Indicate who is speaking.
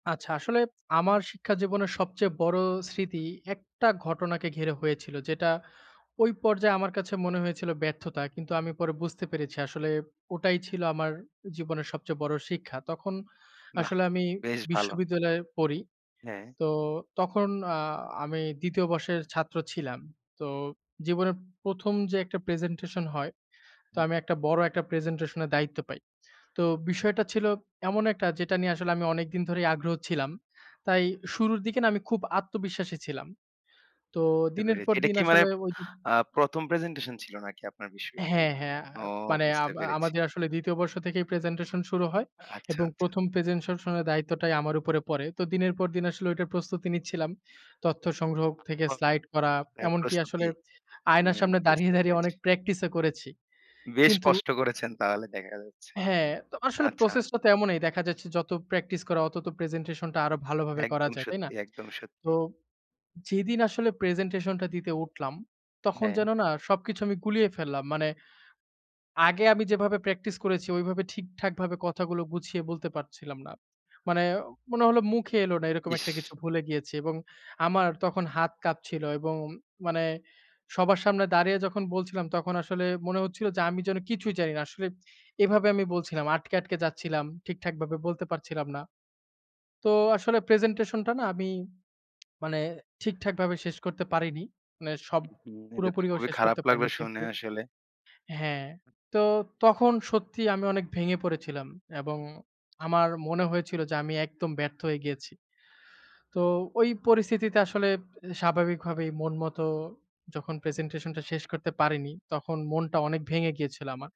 Speaker 1: আচ্ছা, আসলে আমার শিক্ষা জীবনের সবচেয়ে বড়ো স্মৃতি, একটা ঘটনাকে ঘিরে হয়েছিল। যেটা ওই পর্যায়ে আমার কাছে মনে হয়েছিল ব্যর্থতা, কিন্তু আমি পরে বুঝতে পেরেছি আসলে ওটাই ছিল আমার জীবনের সবচেয়ে বড়ো শিক্ষা। তখন
Speaker 2: বাহ!
Speaker 1: আসলে আমি
Speaker 2: বেশ ভাল।
Speaker 1: বিশ্ববিদ্যালয়ে পড়ি।
Speaker 2: হ্যাঁ।
Speaker 1: তো তখন আ আমি ২য় বর্ষের ছাত্র ছিলাম। তো জীবনের ১ম যে একটা প্রেজেন্টেশন হয়, তো আমি একটা বড় একটা প্রেজেন্টেশন এর দায়িত্ব পাই। তো বিষয়টা ছিল এমন একটা, যেটা নিয়ে আসলে আমি অনেকদিন ধরেই আগ্রহ ছিলাম। তাই শুরুর দিকে না? আমি খুব আত্মবিশ্বাসী ছিলাম। তো
Speaker 2: বুঝতে
Speaker 1: দিনের
Speaker 2: পেরেছি।
Speaker 1: পর
Speaker 2: এটা
Speaker 1: দিন
Speaker 2: কি মানে
Speaker 1: আসলে ওই দি
Speaker 2: আ ১ম প্রেজেন্টেশন ছিল নাকি আপনার বিশ্ববিদ্যালয়ে?
Speaker 1: হ্যাঁ, হ্যাঁ। আ
Speaker 2: ও!
Speaker 1: মানে
Speaker 2: বুঝতে
Speaker 1: আম
Speaker 2: পেরেছি।
Speaker 1: আমাদের আসলে ২য় বর্ষ থেকেই প্রেজেন্টেশন শুরু হয়
Speaker 2: আচ্ছা,
Speaker 1: এবং
Speaker 2: আচ্ছা।
Speaker 1: ১ম প্রেজেন্টেশনের দায়িত্বটাই আমার উপরে পড়ে। তো দিনের পর দিন আসলে ওইটার প্রস্তুতি নিচ্ছিলাম। তথ্য সংগ্রহ থেকে স্লাইড করা।
Speaker 2: [unintelligible] হ্যাঁ,
Speaker 1: এমনকি আসলে,
Speaker 2: প্রাস্তুতি।
Speaker 1: আয়নার
Speaker 2: হুম,
Speaker 1: সামনে দাঁড়িয়ে,
Speaker 2: বুঝতে
Speaker 1: দাঁড়িয়ে অনেক
Speaker 2: পেরেছি।
Speaker 1: প্র্যাকটিস এ করেছি।
Speaker 2: বেশ
Speaker 1: কিন্তু
Speaker 2: কষ্ট করেছেন তাহলে দেখা যাচ্ছে।
Speaker 1: হ্যাঁ, তো আসলে
Speaker 2: আচ্ছা।
Speaker 1: প্রসেস টা তো এমনই। দেখা যাচ্ছে যত প্র্যাকটিস করা অত তো প্রেজেন্টেশনটা আরো ভালোভাবে করা
Speaker 2: একদম
Speaker 1: যায়। তাই না?
Speaker 2: সত্যি, একদম
Speaker 1: তো
Speaker 2: সত্যি।
Speaker 1: যেদিন আসলে প্রেজেন্টেশন টা দিতে উঠলাম, তখন
Speaker 2: হ্যাঁ।
Speaker 1: যেন না? সবকিছু আমি গুলিয়ে ফেললাম। মানে আগে আমি যেভাবে প্র্যাকটিস করেছি, ওইভাবে ঠিকঠাকভাবে কথাগুলো গুছিয়ে বলতে পারছিলাম না। মানে মনে হলো মুখে এলো না, এরকম একটা কিছু
Speaker 2: ইস!
Speaker 1: ভুলে গিয়েছি। এবং আমার তখন হাত কাঁপছিল এবং মানে সবার সামনে দাঁড়িয়ে যখন বলছিলাম তখন আসলে মনে হচ্ছিল যে, আমি যেন কিছুই জানি না। আসলে এভাবে আমি বলছিলাম, আটকে, আটকে যাচ্ছিলাম। ঠিকঠাকভাবে বলতে পারছিলাম না। তো আসলে প্রেজেন্টেশনটা না? আমি মানে ঠিকঠাক ভাবে শেষ করতে পারিনি। মানে সব
Speaker 2: হুম। এটা তো
Speaker 1: পুরোপুরিও
Speaker 2: খুবই
Speaker 1: শেষ
Speaker 2: খারাপ
Speaker 1: করতে
Speaker 2: লাগবে
Speaker 1: পারিনি। কিন্তু
Speaker 2: শুনে আসলে।
Speaker 1: হ্যাঁ। তো তখন সত্যি আমি অনেক ভেঙে পড়েছিলাম এবং আমার মনে হয়েছিল যে, আমি একদম ব্যর্থ হয়ে গিয়েছি। তো ওই পরিস্থিতিতে আসলে স্বাভাবিকভাবেই মন মত যখন প্রেজেন্টেশন টা শেষ করতে পারিনি, তখন মনটা অনেক ভেঙে গিয়েছিল আমার।